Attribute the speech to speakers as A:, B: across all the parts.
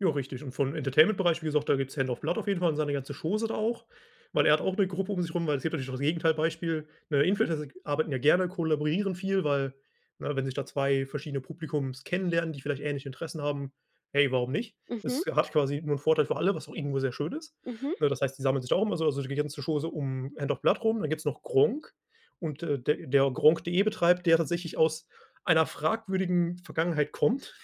A: Ja richtig und von dem Entertainment Bereich, wie gesagt, da gibt's HandsOfBlood auf jeden Fall und seine ganze Chose da auch, weil er hat auch 'ne Gruppe um sich rum, weil es gibt natürlich auch das Gegenteil Beispiel. Ne, Influencer g arbeiten ja gerne, kollaborieren viel, weil, ne, wenn sich da 2 verschiedene Publika kennenlernen, die vielleicht ähnliche Interessen haben, hey, warum nicht?
B: Mhm.
A: Es hat quasi nur 'n Vorteil für alle, was auch irgendwo sehr schön ist.
B: Mhm.
A: Ne, das heißt, die sammeln sich da auch immer so, also die ganze Chose um HandsOfBlood rum. Dann gibt's noch Gronkh und, äh, der der Gronkh.de betreibt, der tatsächlich aus einer fragwürdigen Vergangenheit kommt.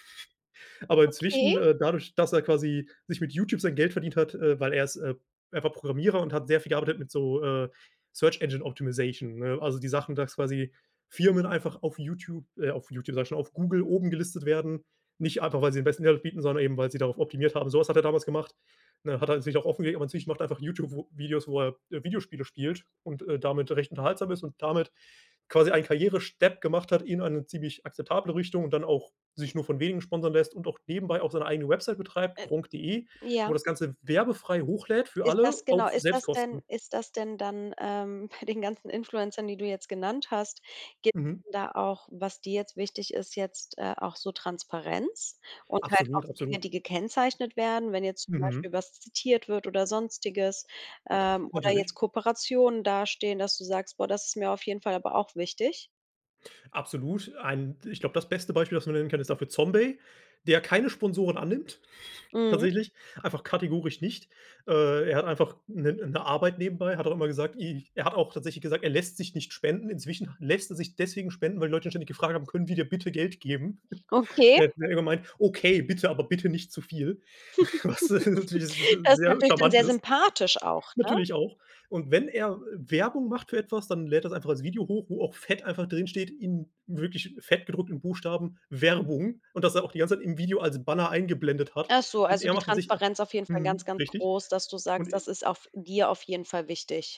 A: Aber inzwischen
B: Okay.
A: äh, dadurch, dass er quasi sich mit Youtube sein Geld verdient hat, äh, weil er ist, äh, einfach Programmierer und hat sehr viel gearbeitet mit so, äh, Search Engine Optimization, ne? Also, die Sachen, dass quasi Firmen einfach auf Youtube äh, auf Youtube, sage ich schon, auf Google oben gelistet werden. Nicht einfach, weil sie den besten Mehrwert bieten, sondern eben, weil sie darauf optimiert haben. Sowas hat er damals gemacht, ne? Hat er an sich auch offengelegt, aber inzwischen macht er einfach Youtube Vo Videos, wo er, äh, Videospiele spielt und, äh, damit recht unterhaltsam ist und damit quasi einen Karrierestep gemacht hat in eine ziemlich akzeptable Richtung und dann auch sich nur von Wenigen sponsern lässt und auch nebenbei auch seine eigene Website betreibt,
B: Äh.
A: Gronkh.de, wo
B: Ja.
A: er das Ganze werbefrei hochlädt für
B: Ist
A: alle
B: das genau,
A: auf
B: ist das denn
A: Selbstkosten.
B: ist das dann, ähm, bei den ganzen Influencern, die du jetzt genannt hast, gibt
A: Mhm.
B: es da auch, was dir jetzt wichtig ist, jetzt, äh, auch so Transparenz und halt auch
A: Absolut,
B: Dinge,
A: absolut.
B: die gekennzeichnet werden, wenn jetzt zum
A: Mhm.
B: Beispiel was zitiert wird oder Sonstiges, ähm, oder
A: Natürlich.
B: jetzt Kooperationen dastehen, dass du sagst: „Boah, das ist mir auf jeden Fall aber auch wichtig"?
A: Absolut. Ein, ich glaube, das beste Beispiel, was man nennen kann, ist dafür ZomBay, der keine Sponsoren annimmt,
B: Mhm.
A: tatsächlich, einfach kategorisch nicht. Äh, er hat einfach 'ne 'ne Arbeit nebenbei. Er hat auch immer gesagt, i er hat auch tatsächlich gesagt, er lässt sich nicht spenden. Inzwischen lässt er sich deswegen spenden, weil die Leute ständig gefragt haben: „Können wir dir bitte Geld geben?"
B: Okay.
A: Er hat dann irgendwann gemeint: „Okay, bitte, aber bitte nicht zu viel." Was natürlich s
B: Das ist
A: sehr
B: natürlich dann
A: charmant
B: sehr
A: ist.
B: sympathisch auch, ne?
A: Natürlich auch. Und wenn er W Werbung macht für etwas, dann lädt er das einfach als Video hoch, wo auch fett einfach drinsteht, in wirklich fett gedruckten Buchstaben „Werbung" und das er auch die ganze Zeit im Video als Banner eingeblendet hat.
B: Ach so,
A: Und
B: also
A: er
B: die
A: macht an sich h
B: Transparenz auf jeden Fall ganz,
A: mhm,
B: ganz
A: richtig.
B: groß, dass du
A: Und
B: sagst,
A: e
B: das ist auf dir auf jeden Fall wichtig.